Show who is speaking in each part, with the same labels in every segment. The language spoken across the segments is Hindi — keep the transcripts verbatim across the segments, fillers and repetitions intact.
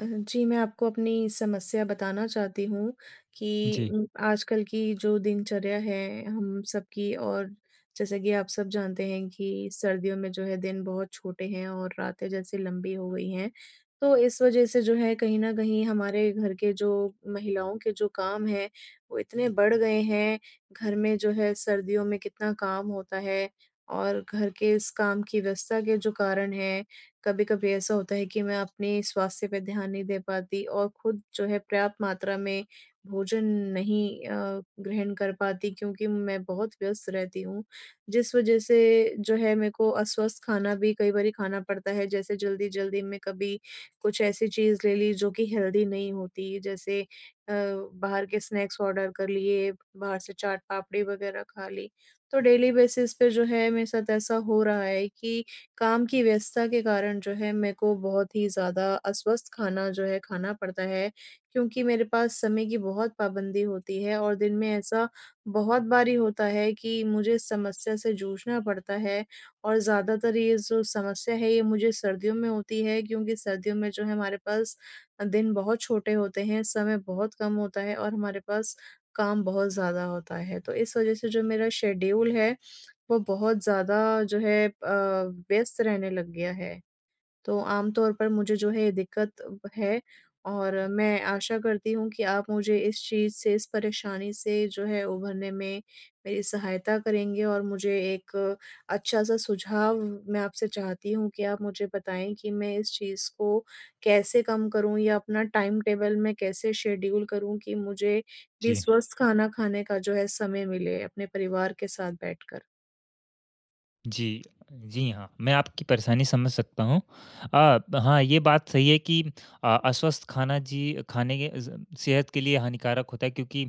Speaker 1: अ, जी मैं आपको अपनी समस्या बताना चाहती हूँ कि
Speaker 2: जी।
Speaker 1: उम, आजकल की जो दिनचर्या है हम सब की और जैसा कि आप सब जानते हैं कि सर्दियों में जो है दिन बहुत छोटे हैं और रातें जैसे लंबी हो गई हैं तो इस वज़ह से जो है कहीं न कहीं हमारे घर के जो महिलाओं के जो काम हैं वो इतने बढ़ गए हैं। घर में जो है सर्दियों में कितना काम होता है और घर के इस काम की व्यस्तता के जो कारण है, कभी-कभी ऐसा होता है कि मैं अपने स्वास्थ्य पे ध्यान नहीं दे पाती और खुद जो है पर्याप्त मात्रा में भोजन नहीं अ, ग्रहण कर पाती क्योंकि मैं बहुत व्यस्त रहती हूँ। जिस वज़ह से जो है मेरे को अस्वस्थ खाना भी कई बारी खाना पड़ता है। जैसे जल्दी-जल्दी मैं कभी कुछ ऐसी चीज़ ले ली जो कि हेल्दी नहीं होती। जैसे अ, बाहर के स्नैक्स ऑर्डर कर लिए, बाहर से चाट पापड़ी वग़ैरह खा ली। तो डेली बेसिस पे जो है मेरे साथ ऐसा हो रहा है कि काम की व्यस्तता के कारण जो है मेरे को बहुत ही ज़्यादा अस्वस्थ खाना जो है खाना पड़ता है। क्योंकि मेरे पास समय की बहुत पाबंदी होती है और दिन में ऐसा बहुत बारी होता है कि मुझे समस्या से जूझना पड़ता है। और ज़्यादातर ये जो समस्या है ये मुझे सर्दियों में होती है। क्योंकि सर्दियों में जो है हमारे अ, पास दिन बहुत छोटे होते हैं समय बहुत कम होता है और हमारे पास काम बहुत ज़्यादा होता है। तो इस वज़ह से जो मेरा शेड्यूल है वो बहुत ज़्यादा जो है अ, व्यस्त रहने लग गया है। तो आम तौर पर मुझे जो है दिक्कत है और मैं आशा करती हूँ कि आप मुझे इस चीज़ से, इस परेशानी से जो है उभरने में मेरी सहायता करेंगे। और मुझे एक अच्छा-सा सुझाव मैं आपसे चाहती हूँ कि आप मुझे बताएँ कि मैं इस चीज़ को कैसे कम करूँ? या अपना टाइम टेबल मैं कैसे शेड्यूल करूँ कि मुझे भी
Speaker 2: जी।
Speaker 1: स्वस्थ खाना खाने का जो है समय मिले, अपने परिवार के साथ बैठकर?
Speaker 2: जी, जी हाँ। मैं आपकी परेशानी समझ सकता हूँ। अ, ब हाँ ये बात सही है कि अ, अस्वस्थ खाना जी, खाने के अ, ज़ सेहत के लिए हानिकारक होता है क्योंकि,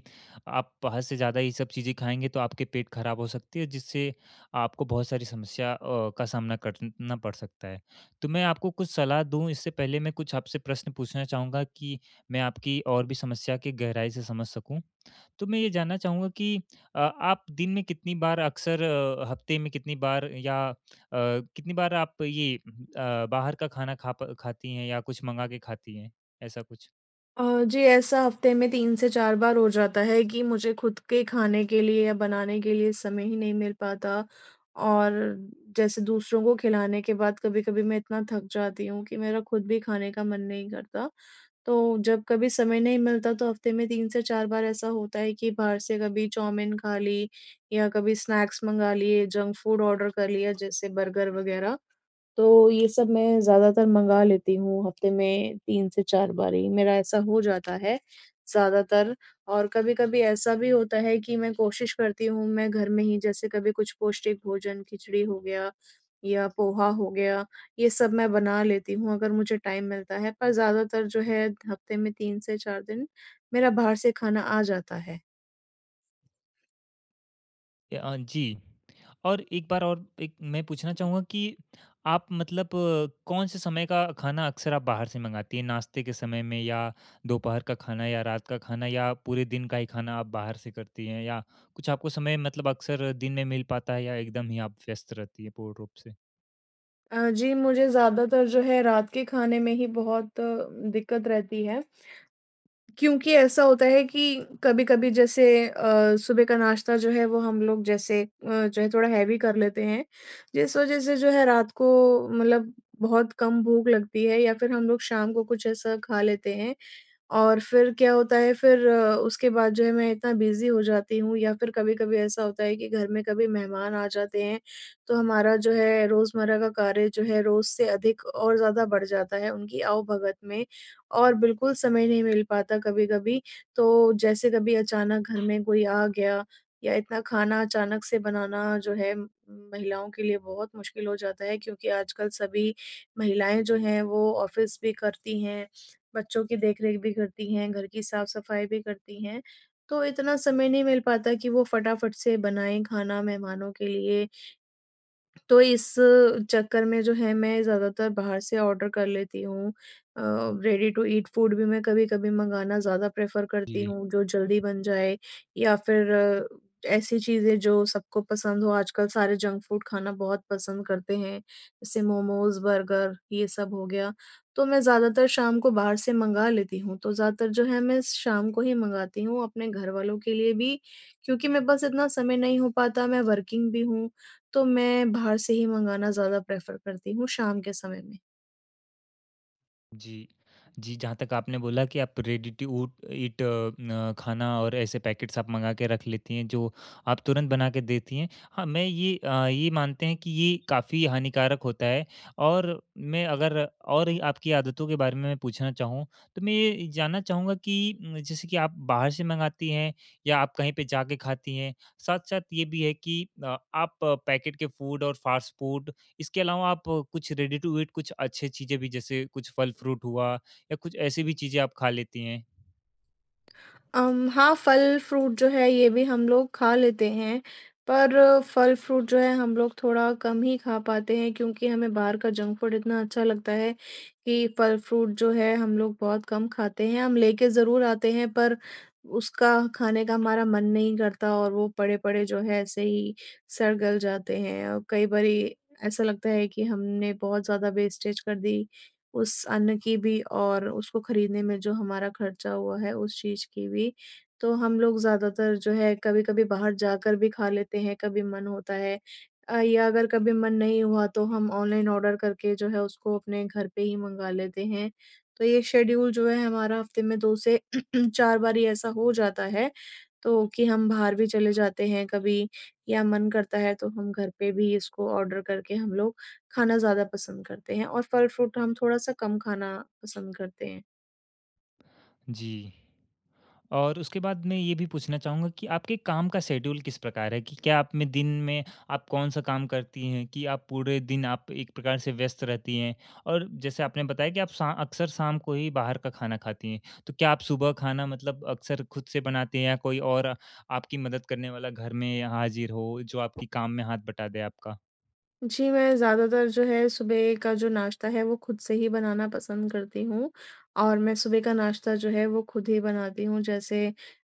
Speaker 2: आप बाहर से ज़्यादा ये सब चीज़ें खाएँगे तो आपके पेट खराब हो सकती है, जिससे आपको बहुत सारी समस्या अ, का सामना करना पड़ सकता है। तो मैं आपको कुछ सलाह दूँ इससे पहले मैं कुछ आपसे प्रश्न पूछना चाहूँगा कि मैं आपकी और भी समस्या की गहराई से समझ सकूँ। तो मैं ये जानना चाहूँगा कि अ, आप दिन में कितनी बार अक्सर अ, हफ्ते में कितनी बार या अ, कितनी बार आप ये हुँ, हुँ अ, बाहर का खाना खा प खाती हैं या कुछ मँगा के खाती हैं, ऐसा कुछ?
Speaker 1: अ, जी, ऐसा हफ्ते में तीन से चार बार हो जाता है कि मुझे खुद के खाने के लिए या बनाने के लिए समय ही नहीं मिल पाता, और जैसे दूसरों को खिलाने के बाद कभी-कभी मैं इतना थक जाती हूँ कि मेरा खुद भी खाने का मन नहीं करता। तो जब कभी समय नहीं मिलता तो हफ्ते में तीन से चार बार ऐसा होता है कि बाहर से कभी चाऊमीन खा ली, या कभी स्नैक्स मँगा लिए जंक-फ़ूड ऑर्डर कर लिया जैसे बर्गर वगैरह। तो ये सब मैं ज़्यादातर मँगा लेती हूँ हफ्ते में तीन से चार बारी। मेरा ऐसा हो जाता है ज़्यादातर और कभी-कभी ऐसा भी होता है कि मैं कोशिश करती हूँ मैं घर में ही जैसे कभी कुछ पौष्टिक भोजन खिचड़ी हो गया, या पोहा हो गया, ये सब मैं बना लेती हूँ अगर मुझे टाइम मिलता है। पर ज़्यादातर जो है हफ्ते में तीन से चार दिन, मेरा बाहर से खाना आ जाता है।
Speaker 2: ए, अ, जी। और एक बार और एक मैं पूछना चाहुँगा कि आप मतलब कौन से समय का खाना अक्सर आप बाहर से मँगाती हैं? नाश्ते के समय में या दोपहर का खाना या रात का खाना या पूरे दिन का ही खाना आप बाहर से करती हैं या कुछ आपको समय मतलब अक्सर दिन में मिल पाता है या एकदम ही आप व्यस्त रहती है पूर्ण रूप से?
Speaker 1: अ, जी, मुझे ज़्यादातर जो है रात के खाने में ही बहुत दिक्कत रहती है। क्योंकि ऐसा होता है कि कभी-कभी जैसे अ, सुबह का नाश्ता जो है वो हम लोग जैसे अ, जो है थोड़ा हैवी कर लेते हैं, जिस वजह से जो है रात को मतलब बहुत कम भूख लगती है या फिर हम लोग शाम को कुछ ऐसा खा लेते हैं, और फिर क्या होता है फिर उसके बाद जो है मैं इतना बिज़ी हो जाती हूँ या फिर कभी-कभी ऐसा होता है कि घर में कभी मेहमान आ जाते हैं, तो हमारा जो है रोज़मर्रा का कार्य जो है रोज़ से अधिक और ज़्यादा बढ़ जाता है उनकी आओ-भगत में, और बिल्कुल समय नहीं मिल पाता कभी-कभी। तो जैसे कभी अचानक घर में कोई आ गया, या इतना खाना अचानक से बनाना जो है उम्म, महिलाओं के लिए बहुत मुश्किल हो जाता है क्योंकि आजकल सभी महिलाएँ जो हैं वो ऑफिस भी करती हैं, बच्चों की देख-रेख भी करती हैं, घर की साफ-सफाई भी करती हैं, तो इतना समय नहीं मिल पाता कि वो फटाफट से बनाएँ खाना मेहमानों के लिए। तो इस चक्कर में जो है मैं ज़्यादातर बाहर से ऑर्डर कर लेती हूँ अ, रेडी टू ईट फूड भी मैं कभी-कभी मँगाना ज़्यादा प्रेफर करती
Speaker 2: जी।
Speaker 1: हूँ जो जल्दी बन जाए या फिर ऐसी चीज़ें जो सबको पसंद हो आजकल सारे जंक फूड खाना बहुत पसंद करते हैं। जैसे मोमोज़, बर्गर ये सब हो गया, तो मैं ज़्यादातर शाम को बाहर से मँगा लेती हूँ तो ज़्यादातर जो है मैं शाम को ही मँगाती हूँ अपने घरवालों के लिए भी, क्योंकि मेरे पास इतना समय नहीं हो पाता मैं वर्किंग भी हूँ, तो मैं बाहर से ही मँगाना ज़्यादा प्रेफर करती हूँ शाम के समय में।
Speaker 2: जी। जी, जहाँ तक आपने बोला कि आप रेडी टू उट ईट अ, न खाना और ऐसे पैकेट्स आप मँगा के रख लेती हैं जो आप तुरंत बना के देती हैं। हाँ, मैं ये अ, यही मानते हैं कि ये काफ़ी हानिकारक होता है और मैं अगर, और आपकी आदतों के बारे में पूछना चाहूँ। तो मैं ये जानना चाहूँगा कि जैसे कि आप बाहर से मँगाती हैं या आप कहीं पे जाके खाती हैं? साथ-साथ ये भी है कि अ, आप पैकेट के फूड और फास्ट फूड इसके अलावा आप कुछ रेडी टू ईट कुछ अच्छी चीज़ें भी, जैसे कुछ फल फ्रूट हुआ या कुछ ऐसी भी चीज़ें आप खा लेती हैं?
Speaker 1: अम हाँ, फल फ्रूट जो है, ये भी हम लोग खा लेते हैं। पर फल फ्रूट जो है हम लोग थोड़ा कम ही खा पाते हैं क्योंकि हमें बाहर का जंक फूड इतना अच्छा लगता है कि फल फ्रूट जो है हम लोग बहुत कम खाते हैं। हम लेके ज़रूर आते हैं पर उसका खाने का हमारा मन नहीं करता और वो पड़े-पड़े जो है ऐसे ही सड़-गल जाते हैं और कई बारी ऐसा लगता है कि हमने बहुत ज़्यादा वेस्टेज कर दी उस अन्न की भी और उसको खरीदने में जो हमारा खर्चा हुआ है उस चीज़ की भी। तो हम लोग ज़्यादातर जो है कभी-कभी बाहर जाकर भी खा लेते हैं, कभी मन होता है अ, या अगर कभी मन नहीं हुआ तो हम ऑनलाइन ऑर्डर करके जो है उसको अपने घर पे ही मँगा लेते हैं। तो ये शेड्यूल जो है हमारा हफ़्ते में दो से चार बार ही ऐसा हो जाता है। तो कि हम बाहर भी चले जाते हैं कभी या मन करता है तो हम घर पे भी इसको ऑर्डर करके हम लोग खाना ज़्यादा पसंद करते हैं और फल फ्रूट हम थोड़ा-सा कम खाना पसंद करते हैं।
Speaker 2: जी। और उसके बाद मैं ये भी पूछना चाहूँगा कि आपके काम का शेड्यूल किस प्रकार है? कि क्या आप दिन में आप कौन-सा काम करती हैं कि आप पूरे दिन आप एक प्रकार से व्यस्त रहती हैं? और जैसे आपने बताया कि आप शा अक्सर शाम को ही बाहर का खाना खाती हैं। तो क्या आप सुबह खाना मतलब अक्सर खुद से बनाती हैं? या कोई और आपकी मदद करने वाला घर में हाज़िर हो जो आपकी काम में हाथ बटा दे आपका?
Speaker 1: जी मैं ज़्यादातर जो है सुबह का जो नाश्ता है वो खुद से ही बनाना पसंद करती हूँ और मैं सुबह का नाश्ता जो है वो खुद ही बनाती हूँ। जैसे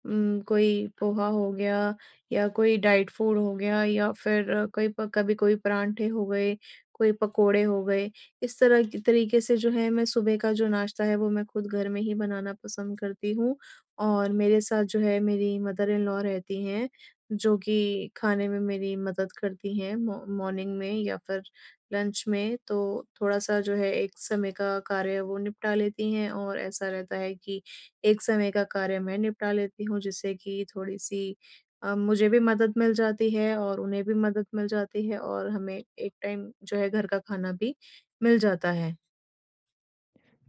Speaker 1: उम्म, कोई पोहा हो गया या कोई डाइट फूड हो गया या फिर कई प कभी कोई परांठे हो गए, कोई पकोड़े हो गए। इस तरह की तरीके से जो है मैं सुबह का जो नाश्ता है वो मैं खुद घर में ही बनाना पसंद करती हूँ। और मेरे साथ जो है मेरी मदर इन लॉ रहती हैं जो कि खाने में मेरी मदद करती हैं मॉ मॉर्निंग में या फिर लंच में। तो थोड़ा-सा जो है एक समय का कार्य वो निपटा लेती हैं और ऐसा रहता है कि एक समय का कार्य मैं निपटा लेती हूँ। जिससे की थोड़ी-सी अ, मुझे भी मदद मिल जाती है और उन्हें भी मदद मिल जाती है। और हमें एक टाइम जो है घर का खाना भी मिल जाता है।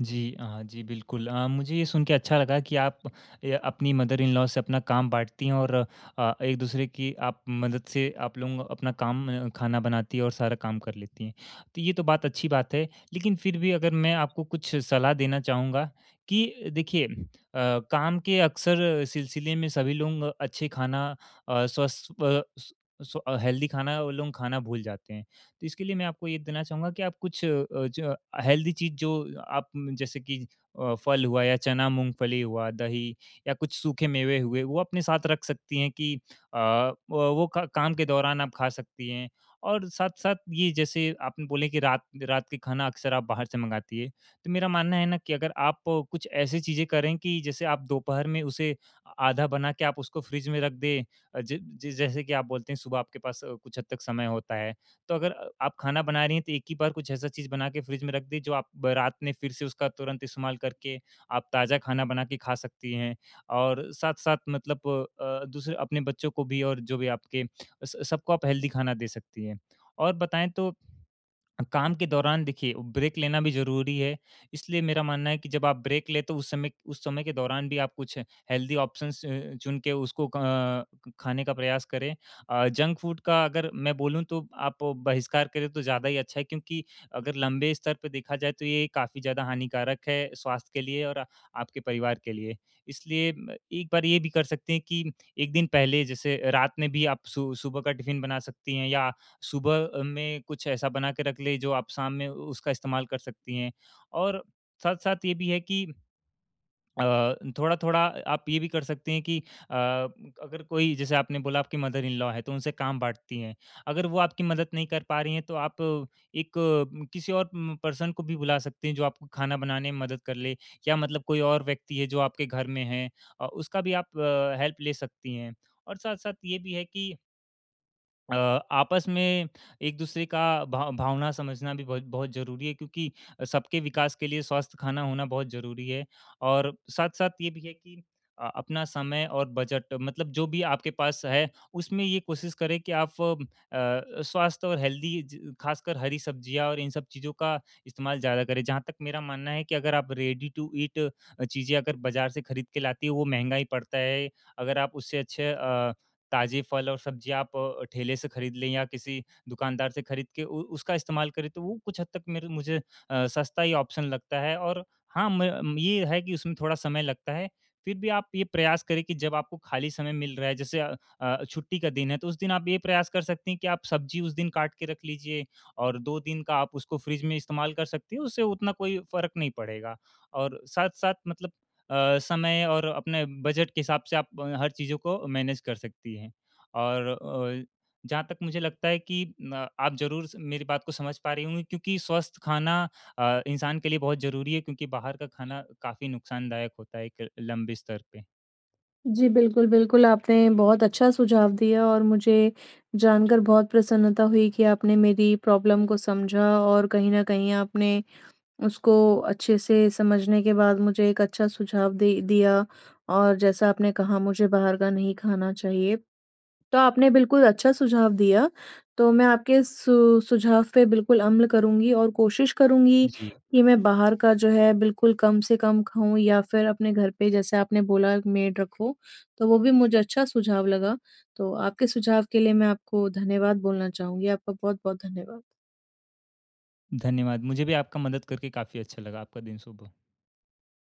Speaker 2: जी अ, जी बिल्कुल अ, मुझे ये सुनके अच्छा लगा कि आप अ अपनी मदर इन लॉ से अपना काम बाँटती है और अ, एक-दूसरे की आप मदद से आप लोग अपना काम खाना बनाती हैं और सारा काम कर लेती हैं। तो ये तो बात अच्छी बात है, लेकिन फ़िर भी अगर मैं आपको कुछ सलाह देना चाहूँगा कि देखिए अ, काम के अक्सर सिलसिले में सभी लोग अच्छे खाना अ, स्वस्थ अ, स्वस अ सु स्व हेल्थी खाना वो लोग खाना भूल जाते हैं। तो इसके लिए मैं आपको ये देना चाहूँगा कि, आप कुछ अ ज हेल्थी चीज़ जो आप जैसे कि अ, फल हुआ या चना, मूंगफली हुआ, दही या कुछ सूखे मेवे हुए वो अपने साथ रख सकती हैं कि अ, व वो क काम के दौरान आप खा सकती हैं। और साथ-साथ ये जैसे आपने बोले कि रात रात का खाना अक्सर आप बाहर से मँगाती है। तो मेरा मानना है ना कि अगर आप कुछ ऐसी चीज़ें करें कि जैसे आप दोपहर में उसे, आधा बना के आप उसको फ्रिज में रख दें अ ज जिस जैसे कि आप बोलते हैं सुबह आपके पास कुछ हद तक समय होता है। तो अगर आप खाना बना रही हैं तो एक ही बार कुछ ऐसा चीज़ बना के फ्रिज में रख दें जो आप रात में फ़िर से उसका तुरंत इस्तेमाल करके आप ताज़ा खाना बना के खा सकती हैं। और साथ-साथ मतलब अ, अ, दूसरे अपने बच्चों को भी और जो भी आपके स स सबको आप हेल्थी खाना दे सकती हैं। और बताएँ तो, काम के दौरान देखिए ब्रेक लेना भी ज़रूरी है, इसलिए मेरा मानना है कि जब आप ब्रेक ले तो उस समय उस समय के दौरान भी आप कुछ हेल्थी ऑप्शंस अ, चुन के उसको अ, खाने का प्रयास करें। अ, जंक फूड का अगर मैं बोलूँ तो आप बहिष्कार करें तो ज़्यादा ही अच्छा है, क्योंकि अगर लंबे स्तर पर देखा जाए तो ये काफ़ी ज़्यादा हानिकारक है स्वास्थ्य के लिए और आ आपके परिवार के लिए। इसलिए म एक बार ये भी कर सकते हैं कि एक दिन पहले जैसे रात में भी आप सु सुबह का टिफिन बना सकती हैं या सुबह अ, में कुछ ऐसा बना के रख लें जो आप शाम में उसका इस्तेमाल कर सकती हैं और साथ-साथ ये भी है कि अ, थोड़ा-थोड़ा आप ये भी कर सकते हैं कि अ, अगर कोई जैसे आपने बोला आपकी मदर इन लॉ है तो उनसे काम बाँटती हैं। अगर वो आपकी मदद नहीं कर पा रही हैं तो आप एक किसी और म पर्सन को भी बुला सकती हैं, जो आपको खाना बनाने में मदद कर ले या मतलब कोई और व्यक्ति है जो आपके घर में है अ, उसका भी आप अ, हेल्प ले सकती हैं। और साथ-साथ ये भी है कि अ, आपस में एक दूसरे का भाव भावना समझना भी बहुत बहुत ज़रूरी है क्योंकि सबके विकास के लिए स्वस्थ खाना होना बहुत ज़रूरी है। और साथ-साथ ये भी है कि अ, अपना समय और बजट मतलब जो भी आपके पास है उसमें ये कोशिश करें कि आप फ़ अ, स्वास्थ्य और हेल्दी ज खासकर हरी-सब्जियाँ और इन सब चीज़ों का इस्तेमाल ज़्यादा करें। जहाँ तक मेरा मानना है कि अगर आप रेडी टू ईट चीज़ें अगर बाजार से खरीद के लातें है वो महँगा ही पड़ता है। अगर आप उससे अच्छे अ, ताज़े फल और सब्ज़ी आप ठेले से खरीद लें या किसी दुकानदार से खरीद के उ उसका इस्तेमाल करें तो वो कुछ हद तक मेरे मुझे अ, सस्ता ही ऑप्शन लगता है। और हाँ, मय ये है कि उसमें थोड़ा समय लगता है। फिर भी आप ये प्रयास करें कि जब आपको खाली समय मिल रहा है जैसे अ अ, छुट्टी का दिन है तो उस दिन आप ये प्रयास कर सकती हैं कि आप सब्जी उस दिन काट के रख लीजिए और दो दिन का आप उसको फ़्रिज में इस्तेमाल कर सकती हैं, उससे उतना कोई फ़र्क नहीं पड़ेगा। और साथ-साथ मतलब अ, समय और अपने बजट के हिसाब से आप अ, हर चीज़ों को मैनेज कर सकती हैं। और अ, जहाँ तक मुझे लगता है कि अ, आप ज़रूर स मेरी बात को समझ पा रही होंगी क्योंकि स्वस्थ खाना अ, इंसान के लिए बहुत ज़रूरी है। क्योंकि बाहर का खाना काफ़ी नुकसानदायक होता है एक लंबे स्तर पे।
Speaker 1: जी, बिल्कुल-बिल्कुल। आपने बहुत अच्छा सुझाव दिया और मुझे जानकर बहुत प्रसन्नता हुई कि आपने मेरी प्रॉब्लम को समझा और कहीं न कहीं आपने उसको अच्छे से समझने के बाद मुझे एक अच्छा सुझाव दे दिया। और जैसा आपने कहा मुझे बाहर का नहीं खाना चाहिए तो आपने बिल्कुल अच्छा सुझाव दिया। तो मैं आपके सु सुझाव पे बिल्कुल अम्ल करुँगी और कोशिश करुँगी
Speaker 2: जी।
Speaker 1: कि मैं बाहर का जो है बिल्कुल कम से कम खाऊँ या फिर अपने घर पे जैसे आपने बोला मेड रखो, तो वो भी मुझे अच्छा सुझाव लगा। तो आपके सुझाव के लिए मैं आपको धन्यवाद बोलना चाहूँगी। आपका बहुत-बहुत धन्यवाद।
Speaker 2: धन्यवाद। मुझे भी आपका मदद करके काफ़ी अच्छा लगा। आपका दिन शुभ हो।